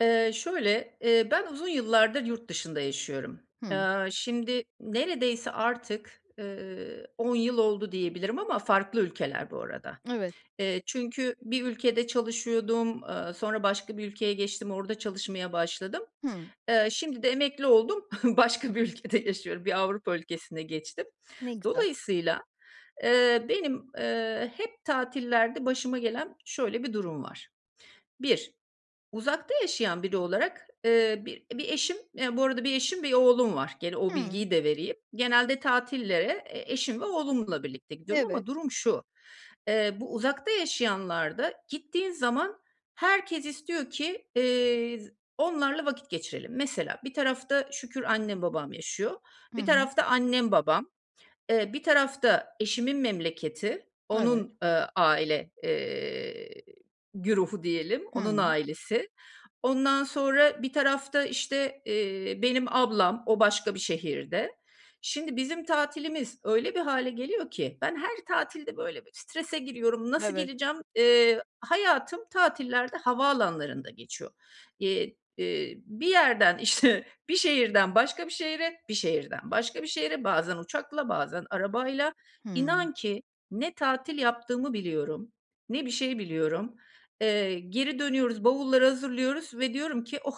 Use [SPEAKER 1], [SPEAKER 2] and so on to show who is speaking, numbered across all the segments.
[SPEAKER 1] Eee, şöyle eee, ben uzun yıllardır yurt dışında yaşıyorum.
[SPEAKER 2] Hımm.
[SPEAKER 1] Eee, şimdi neredeyse artık, eee, 10 yıl oldu diyebilirim ama farklı ülkeler bu arada.
[SPEAKER 2] Evet.
[SPEAKER 1] Eee, çünkü bir ülkede çalışıyordum, eee, sonra başka bir ülkeye geçtim, orada çalışmaya başladım.
[SPEAKER 2] Hıı.
[SPEAKER 1] Eee, şimdi de emekli oldum, başka bir ülkede yaşıyorum. Bir Avrupa ülkesine geçtim.
[SPEAKER 2] Ne güzel.
[SPEAKER 1] Dolayısıyla, eee, benim, eee, hep tatillerde başıma gelen şöyle bir durum var. 1 uzakta yaşayan biri olarak, eee, bi bir eşim, bu arada 1 eşim, 1 oğlum var. Gene o
[SPEAKER 2] Hımm.
[SPEAKER 1] bilgiyi de vereyim. Genelde tatillere e eşim ve oğlumla birlikte gidiyorum
[SPEAKER 2] Evet.
[SPEAKER 1] ama durum şu: Eee, bu uzakta yaşayanlarda gittiğin zaman herkes istiyor ki, eee, onlarla vakit geçirelim. Mesela bir tarafta şükür annem babam yaşıyor,
[SPEAKER 2] Hı
[SPEAKER 1] bir
[SPEAKER 2] hı.
[SPEAKER 1] tarafta annem babam, eee, bir tarafta eşimin memleketi,
[SPEAKER 2] Evet.
[SPEAKER 1] onun, eee, aile, eee, güruhu diyelim, onun
[SPEAKER 2] Hıı.
[SPEAKER 1] ailesi, ondan sonra bir tarafta işte, eee, benim ablam, o başka bir şehirde, şimdi bizim tatilimiz öyle bir hâle geliyor ki ben her tatilde böyle strese giriyorum, nasıl
[SPEAKER 2] Evet.
[SPEAKER 1] geleceğim? Eee, hayatım tatillerde havaalanlarında geçiyor. Eee, eee, bir yerden işte, bir şehirden başka bir şehre, bir şehirden başka bir şehre, bazen uçakla, bazen arabayla,
[SPEAKER 2] Hımm.
[SPEAKER 1] inan ki ne tatil yaptığımı biliyorum, ne bir şey biliyorum. Eee, geri dönüyoruz, bavulları hazırlıyoruz ve diyorum ki "Oh,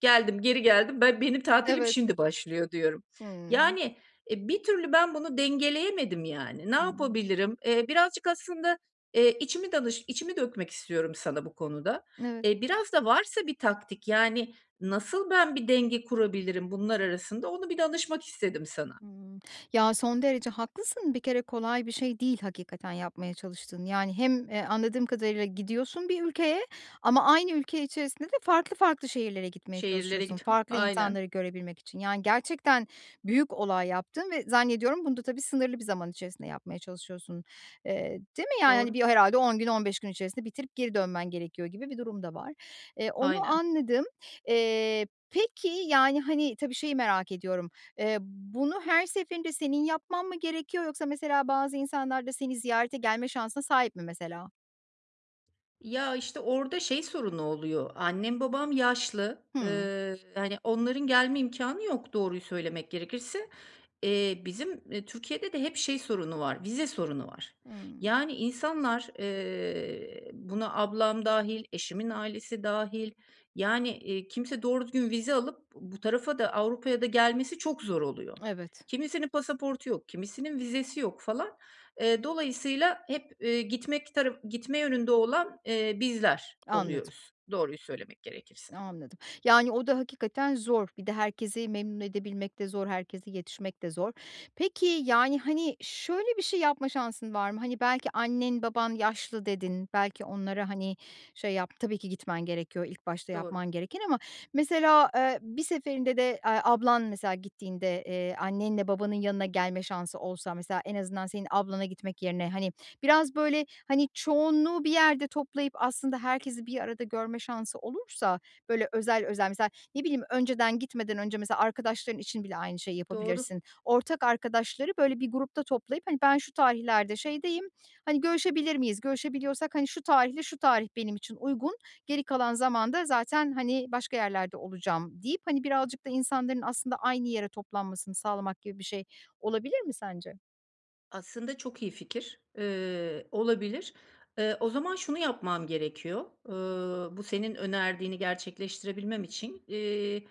[SPEAKER 1] geldim, geri geldim. Ben benim tatilim
[SPEAKER 2] Evet.
[SPEAKER 1] şimdi başlıyor." diyorum.
[SPEAKER 2] Hımm.
[SPEAKER 1] Yani, eee, bir türlü ben bunu dengeleyemedim yani. Ne
[SPEAKER 2] Imm.
[SPEAKER 1] yapabilirim? Eee, birazcık aslında, eee, içimi danış içimi dökmek istiyorum sana bu konuda.
[SPEAKER 2] Evet.
[SPEAKER 1] Eee, biraz da varsa bir taktik, yani nasıl ben bir denge kurabilirim bunlar arasında, onu bir danışmak istedim sana.
[SPEAKER 2] Imm. Ya, son derece haklısın, bir kere kolay bir şey değil hakikaten yapmaya çalıştığın. Yani, hem, e, anladığım kadarıyla gidiyorsun bir ülkeye ama aynı ülke içerisinde de farklı farklı şehirlere gitmeye
[SPEAKER 1] Şehirlere
[SPEAKER 2] çalışıyorsun,
[SPEAKER 1] git
[SPEAKER 2] farklı
[SPEAKER 1] aynen.
[SPEAKER 2] insanları görebilmek için. Yani, gerçekten büyük olay yaptığın ve zannediyorum bunu da tabii sınırlı bir zaman içerisinde yapmaya çalışıyorsun. Eee, değil mi yani? Hani,
[SPEAKER 1] Doğru.
[SPEAKER 2] bir herhâlde 10 gün, 15 gün içerisinde bitirip geri dönmen gerekiyor gibi bir durum da var. Eee, onu
[SPEAKER 1] Aynen.
[SPEAKER 2] anladım. Eee, peki, yani, hani, tabii şeyi merak ediyorum. Eee, bunu her seferinde senin yapman mı gerekiyor yoksa mesela bazı insanlar da seni ziyarete gelme şansına sahip mi mesela?
[SPEAKER 1] Ya, işte orada şey sorunu oluyor. Annem babam yaşlı.
[SPEAKER 2] Hıı.
[SPEAKER 1] Iıı, hani, onların gelme imkânı yok doğruyu söylemek gerekirse. Eee, bizim, iii, Türkiye'de de hep şey sorunu var, vize sorunu var.
[SPEAKER 2] Hımm.
[SPEAKER 1] Yani, insanlar, eee, buna ablam dâhil, eşimin ailesi dâhil. Yani, iii, kimse doğru düzgün vize alıp b bu tarafa da Avrupa'ya da gelmesi çok zor oluyor.
[SPEAKER 2] Evet.
[SPEAKER 1] Kimisinin pasaportu yok, kimisinin vizesi yok falan. Eee, dolayısıyla hep, eee, gitmek tara gitme yönünde olan, eee, bizler
[SPEAKER 2] Anladım.
[SPEAKER 1] oluyoruz doğruyu söylemek gerekirse.
[SPEAKER 2] Anladım. Yani, o da hakikaten zor. Bir de herkesi memnun edebilmek de zor, herkese yetişmek de zor. Peki, yani, hani, şöyle bir şey yapma şansın var mı? Hani, belki annen baban yaşlı dedin, belki onlara, hani, şey yap, tabii ki gitmen gerekiyor. İlk başta
[SPEAKER 1] Doğru.
[SPEAKER 2] yapman gereken ama mesela, eee, bir seferinde de, eee, ablan mesela gittiğinde, eee, annenle babanın yanına gelme şansı olsa, mesela en azından senin ablana gitmek yerine, hani, biraz böyle, hani, çoğunluğu bir yerde toplayıp aslında herkesi bir arada görme şansı olursa, böyle özel özel. Mesela ne bileyim, önceden gitmeden önce mesela arkadaşların için bile aynı şeyi
[SPEAKER 1] Doğru.
[SPEAKER 2] yapabilirsin. Ortak arkadaşları böyle bir grupta toplayıp, hani, ben şu tarihlerde şeydeyim, hani, görüşebilir miyiz? Görüşebiliyorsak, hani, şu tarihle şu tarih benim için uygun, geri kalan zamanda zaten, hani, başka yerlerde olacağım deyip, hani, birazcık da insanların aslında aynı yere toplanmasını sağlamak gibi bir şey olabilir mi sence?
[SPEAKER 1] Aslında çok iyi fikir. Eee, olabilir. Eee, o zaman şunu yapmam gerekiyor. Iıı, bu senin önerdiğini gerçekleştirebilmem için, iii,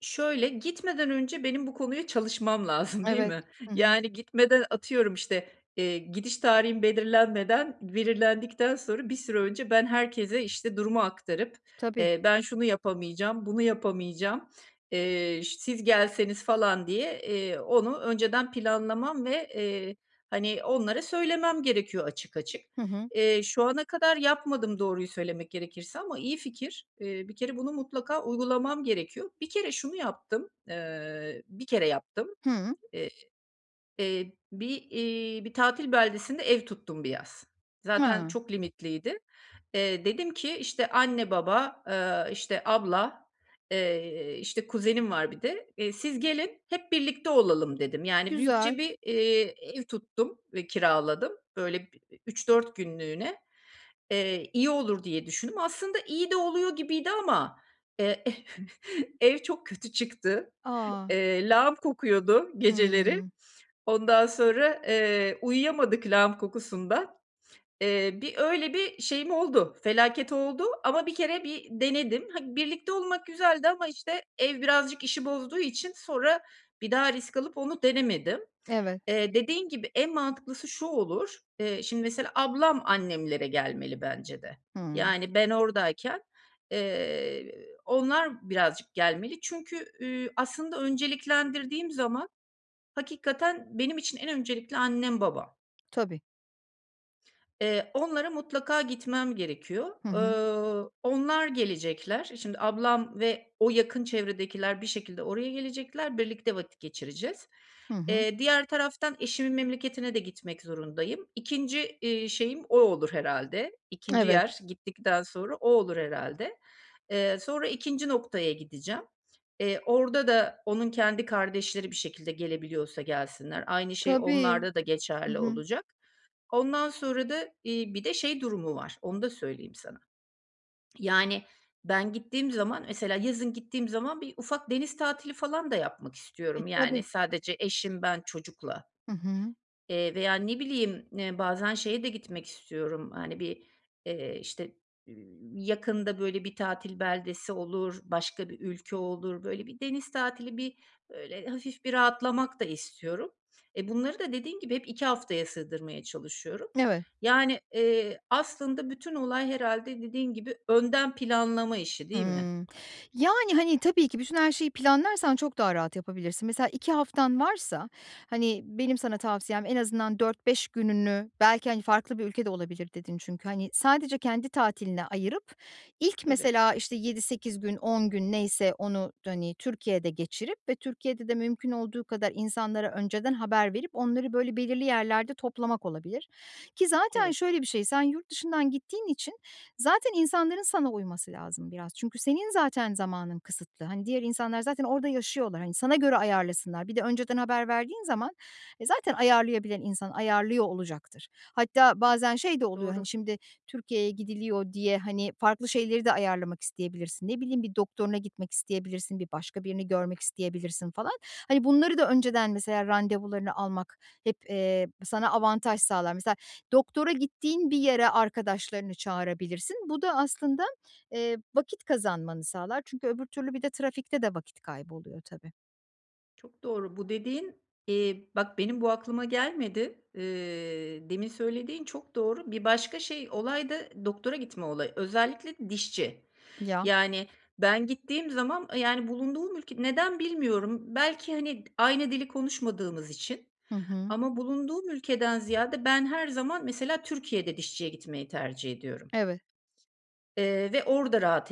[SPEAKER 1] şöyle, gitmeden önce benim bu konuya çalışmam lazım, değil
[SPEAKER 2] Evet.
[SPEAKER 1] mi?
[SPEAKER 2] Hı hı.
[SPEAKER 1] Yani, gitmeden, atıyorum, işte, eee, gidiş tarihim belirlenmeden, belirlendikten sonra, bir süre önce ben herkese, işte, durumu aktarıp,
[SPEAKER 2] Tabii.
[SPEAKER 1] eee, ben şunu yapamayacağım, bunu yapamayacağım, eee, ş siz gelseniz, falan, diye, eee, onu önceden planlamam ve, eee, hani, onlara söylemem gerekiyor açık açık.
[SPEAKER 2] Hı hı.
[SPEAKER 1] Eee, şu ana kadar yapmadım doğruyu söylemek gerekirse ama iyi fikir. Eee, bir kere bunu mutlaka uygulamam gerekiyor. Bir kere şunu yaptım; eee, 1 kere yaptım,
[SPEAKER 2] Hıı.
[SPEAKER 1] eee, eee bir, iii, bir tatil beldesinde ev tuttum bir yaz. Zaten
[SPEAKER 2] Ha.
[SPEAKER 1] çok limitliydi. Eee, dedim ki, işte, anne baba, eee, işte, abla, eee, işte, kuzenim var bir de, eee, "Siz gelin hep birlikte olalım" dedim. Yani,
[SPEAKER 2] Güzel.
[SPEAKER 1] büyükçe bir, iii, ev tuttum ve kiraladım. Böyle, bir 3-4 günlüğüne, eee, iyi olur diye düşündüm. Aslında iyi de oluyor gibiydi ama, eee, ev çok kötü çıktı.
[SPEAKER 2] A!
[SPEAKER 1] Eee, lağım kokuyordu geceleri.
[SPEAKER 2] Hıı.
[SPEAKER 1] Ondan sonra, eee, uyuyamadık lağım kokusundan. Eee, bir öyle bir şeyim oldu, felaket oldu ama 1 bir denedim. Hani, birlikte olmak güzeldi ama, işte, ev birazcık işi bozduğu için sonra bir daha risk alıp onu denemedim.
[SPEAKER 2] Evet.
[SPEAKER 1] Eee, dediğin gibi, en mantıklısı şu olur, eee, şimdi, mesela ablam annemlere gelmeli bence de.
[SPEAKER 2] Hımm.
[SPEAKER 1] Yani, ben oradayken, eee, onlar birazcık gelmeli. Çünkü, üüü, aslında önceliklendirdiğim zaman, hakikaten benim için en öncelikli annem, babam.
[SPEAKER 2] Tabii.
[SPEAKER 1] Eee, onlara mutlaka gitmem gerekiyor.
[SPEAKER 2] Hı hı.
[SPEAKER 1] Ööö, onlar gelecekler. E, şimdi, ablam ve o yakın çevredekiler bir şekilde oraya gelecekler, birlikte vakit geçireceğiz.
[SPEAKER 2] Hı hı.
[SPEAKER 1] Eee, diğer taraftan eşimin memleketine de gitmek zorundayım. 2'nci, iii, şeyim o olur herhâlde. 2'nci
[SPEAKER 2] Evet.
[SPEAKER 1] yer gittikten sonra o olur herhâlde. Eee, sonra 2'nci noktaya gideceğim. Eee, orada da onun kendi kardeşleri bir şekilde gelebiliyorsa gelsinler, aynı şey
[SPEAKER 2] Tabii.
[SPEAKER 1] onlarda da
[SPEAKER 2] Hı
[SPEAKER 1] geçerli
[SPEAKER 2] hı.
[SPEAKER 1] olacak. Ondan sonra da, iii, bir de şey durumu var, onu da söyleyeyim sana. Yani, ben gittiğim zaman mesela yazın gittiğim zaman bir ufak deniz tatili falan da yapmak
[SPEAKER 2] E,
[SPEAKER 1] istiyorum, yani,
[SPEAKER 2] tabii.
[SPEAKER 1] sadece eşim, ben, çocukla.
[SPEAKER 2] Hı hı.
[SPEAKER 1] Eee, veya ne bileyim, eee, bazen şeye de gitmek istiyorum, hani, bir, eee, işte, iii, yakında, böyle, bir tatil beldesi olur, başka bir ülke olur, böyle, bir deniz tatili, bir, böyle, hafif bir rahatlamak da istiyorum. E, bunları da dediğin gibi hep 2 haftaya sığdırmaya çalışıyorum.
[SPEAKER 2] Evet.
[SPEAKER 1] Yani, eee, aslında bütün olay herhâlde dediğin gibi, önden planlama işi, değil mi?
[SPEAKER 2] Hımm. Yani, hani, tabii ki bütün her şeyi planlarsan çok daha rahat yapabilirsin. Mesela 2 haftan varsa, hani, benim sana tavsiyem en azından 4-5 gününü belki, hani, "Farklı bir ülke de olabilir" dedin çünkü, hani, sadece kendi tatiline ayırıp ilk
[SPEAKER 1] Evet.
[SPEAKER 2] mesela, işte, 7-8 gün 10 gün neyse onu, hani, Türkiye'de geçirip ve Türkiye'de de mümkün olduğu kadar insanlara önceden haber verip onları, böyle, belirli yerlerde toplamak olabilir. Ki zaten
[SPEAKER 1] Evet.
[SPEAKER 2] şöyle bir şey, sen yurt dışından gittiğin için zaten insanların sana uyması lazım biraz çünkü senin zaten zamanın kısıtlı. Hani, diğer insanlar zaten orada yaşıyorlar, hani, sana göre ayarlasınlar. Bir de önceden haber verdiğin zaman, e, zaten ayarlayabilen insan ayarlıyor olacaktır. Hatta bazen şey de oluyor, hani,
[SPEAKER 1] Doğru.
[SPEAKER 2] şimdi, Türkiye'ye gidiliyor diye, hani, farklı şeyleri de ayarlamak isteyebilirsin. Ne bileyim bir doktoruna gitmek isteyebilirsin, bir başka birini görmek isteyebilirsin falan. Hani, bunları da önceden mesela randevularını almak hep, eee, sana avantaj sağlar. Mesela doktora gittiğin bir yere arkadaşlarını çağırabilirsin. Bu da aslında, eee, vakit kazanmanı sağlar çünkü öbür türlü bir de trafikte de vakit kayboluyor tabii.
[SPEAKER 1] Çok doğru. Bu dediğin, eee, bak benim bu aklıma gelmedi. Eee, demin söylediğin çok doğru. Bir başka şey, olay da doktora gitme olayı, özellikle dişçi.
[SPEAKER 2] Ya.
[SPEAKER 1] Yani, ben gittiğim zaman, yani, bulunduğum ülke, neden bilmiyorum belki, hani, aynı dili konuşmadığımız için
[SPEAKER 2] Hı hı.
[SPEAKER 1] ama bulunduğum ülkeden ziyade ben her zaman, mesela Türkiye'de dişçiye gitmeyi tercih ediyorum.
[SPEAKER 2] Evet.
[SPEAKER 1] Eee, ve orada rahat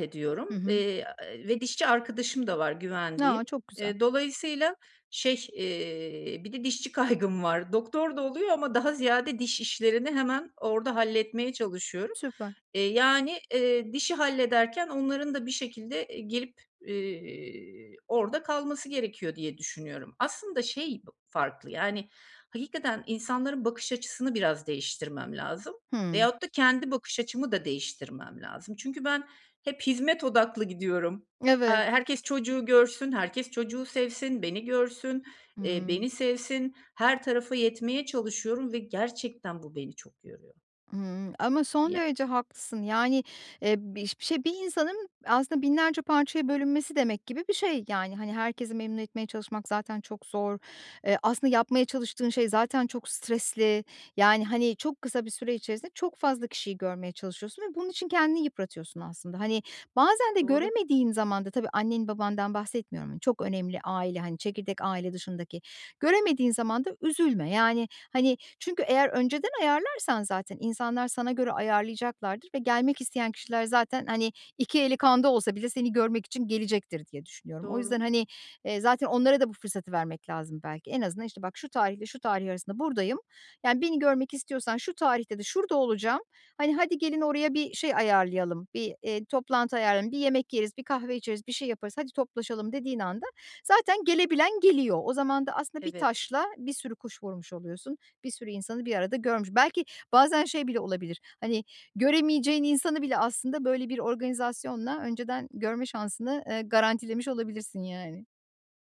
[SPEAKER 2] Hı
[SPEAKER 1] ediyorum,
[SPEAKER 2] hı.
[SPEAKER 1] eee, eee, ve dişçi arkadaşım da var güvendiğim.
[SPEAKER 2] A, çok güzel.
[SPEAKER 1] Eee, dolayısıyla şey, eee, bir de dişçi kaygım var. Doktor da oluyor ama daha ziyade diş işlerini hemen orada halletmeye çalışıyorum.
[SPEAKER 2] Süper.
[SPEAKER 1] Eee, yani, eee, dişi hallederken onların da bir şekilde, eee, girip, eee, orada kalması gerekiyor diye düşünüyorum. Aslında şey b farklı, yani, hakikaten insanların bakış açısını biraz değiştirmem lazım.
[SPEAKER 2] Hıı.
[SPEAKER 1] Veyahut da kendi bakış açımı da değiştirmem lazım. Çünkü ben hep hizmet odaklı gidiyorum. Eee,
[SPEAKER 2] Evet.
[SPEAKER 1] herkes çocuğu görsün, herkes çocuğu sevsin, beni görsün, eee,
[SPEAKER 2] Imm.
[SPEAKER 1] beni sevsin, her tarafa yetmeye çalışıyorum ve gerçekten bu beni çok yoruyor.
[SPEAKER 2] Imm, ama son
[SPEAKER 1] Ya
[SPEAKER 2] derece haklısın. Yani, eee, biş bir şey, bir insanın aslında binlerce parçaya bölünmesi demek gibi bir şey, yani. Hani, herkesi memnun etmeye çalışmak zaten çok zor. Eee, aslında yapmaya çalıştığın şey zaten çok stresli, yani, hani, çok kısa bir süre içerisinde çok fazla kişiyi görmeye çalışıyorsun ve bunun için kendini yıpratıyorsun aslında. Hani, bazen de
[SPEAKER 1] Doğru.
[SPEAKER 2] göremediğin zaman da, tabii annen, babandan bahsetmiyorum, çok önemli aile, hani, çekirdek aile dışındaki. Göremediğin zaman da üzülme, yani, hani, çünkü eğer önceden ayarlarsan, zaten insanlar sana göre ayarlayacaklardır ve gelmek isteyen kişiler zaten, hani, iki eli kanda olsa bile seni görmek için gelecektir diye düşünüyorum. O
[SPEAKER 1] Doğru.
[SPEAKER 2] yüzden, hani, eee, zaten onlara da bu fırsatı vermek lazım belki. En azından, işte, "Bak şu tarihle şu tarih arasında buradayım, yani, beni görmek istiyorsan şu tarihte de şurada olacağım, hani, hadi gelin oraya bir şey ayarlayalım, bir, eee, toplantı ayarlayalım, bir yemek yeriz, bir kahve içeriz, bir şey yaparız, hadi toplaşalım." dediğin anda zaten gelebilen geliyor. O zaman da aslında 1
[SPEAKER 1] Evet.
[SPEAKER 2] taşla bir sürü kuş vurmuş oluyorsun, bir sürü insanı bir arada görmüş. Belki bazen şey bile olabilir, hani, göremeyeceğin insanı bile aslında böyle bir organizasyonla önceden görme şansını, eee, garantilemiş olabilirsin, yani.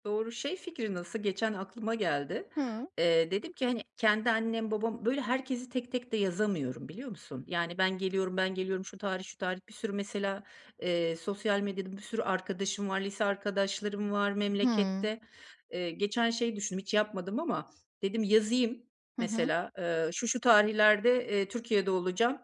[SPEAKER 1] Doğru, şey fikri nasıl? Geçen aklıma geldi.
[SPEAKER 2] Hıı.
[SPEAKER 1] Eee, dedim ki, hani, kendi annem, babam Böyle herkesi tek tek de yazamıyorum biliyor musun? Yani, ben geliyorum, ben geliyorum, şu tarih, şu tarih bir sürü mesela, eee, sosyal medyada bir sürü arkadaşım var, lise arkadaşlarım var
[SPEAKER 2] Hıı.
[SPEAKER 1] memlekette. Eee, geçen şey düşündüm hiç yapmadım ama dedim yazayım
[SPEAKER 2] Hı hı.
[SPEAKER 1] mesela. Eee, şu, şu tarihlerde, eee, Türkiye'de olacağım.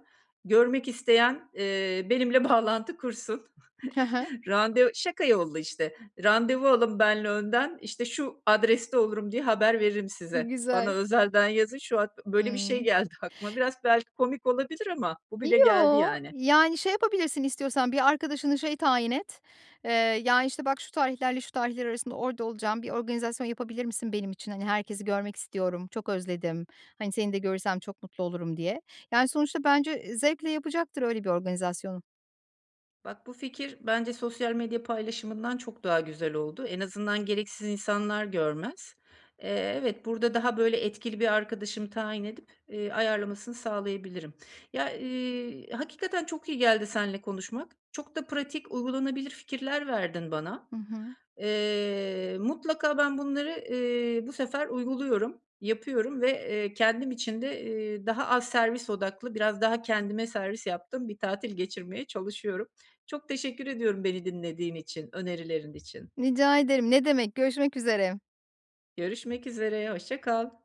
[SPEAKER 1] Görmek isteyen, eee, benimle bağlantı kursun.
[SPEAKER 2] He he.
[SPEAKER 1] Rande şaka yollu işte, randevu alın benle önden, işte, şu adreste olurum diye haber veririm size. Bana
[SPEAKER 2] Güzel.
[SPEAKER 1] özelden yazın, şu hat böyle bir şey
[SPEAKER 2] Imm.
[SPEAKER 1] geldi aklıma. Biraz belki komik olabilir ama bu bile geldi,
[SPEAKER 2] Yoo,
[SPEAKER 1] yani.
[SPEAKER 2] yani şey yapabilirsin istiyorsan, bir arkadaşını şey tayin et, eee, "Ya, işte, bak şu tarihlerle şu tarihler arasında orada olacağım bir organizasyon yapabilir misin benim için? Hani, herkesi görmek istiyorum, çok özledim, hani, seni de görürsem çok mutlu olurum." diye. Yani, sonuçta bence, eee, zevkle yapacaktır öyle bir organizasyonu.
[SPEAKER 1] Bak bu fikir bence sosyal medya paylaşımından çok daha güzel oldu. En azından gereksiz insanlar görmez. Eee, evet burada daha böyle etkili bir arkadaşımı tayin edip, eee, ayarlamasını sağlayabilirim. Ya, iii, hakikaten çok iyi geldi seninle konuşmak. Çok da pratik, uygulanabilir fikirler verdin bana.
[SPEAKER 2] Hı hı.
[SPEAKER 1] Eee, mutlaka ben bunları, ııı, bu sefer uyguluyorum, yapıyorum ve, eee, kendim için de, eee, daha az servis odaklı, biraz daha kendime servis yaptığım bir tatil geçirmeye çalışıyorum. Çok teşekkür ediyorum beni dinlediğin için, önerilerin için.
[SPEAKER 2] Rica ederim. Ne demek. Görüşmek üzere.
[SPEAKER 1] Görüşmek üzere, hoşça kal.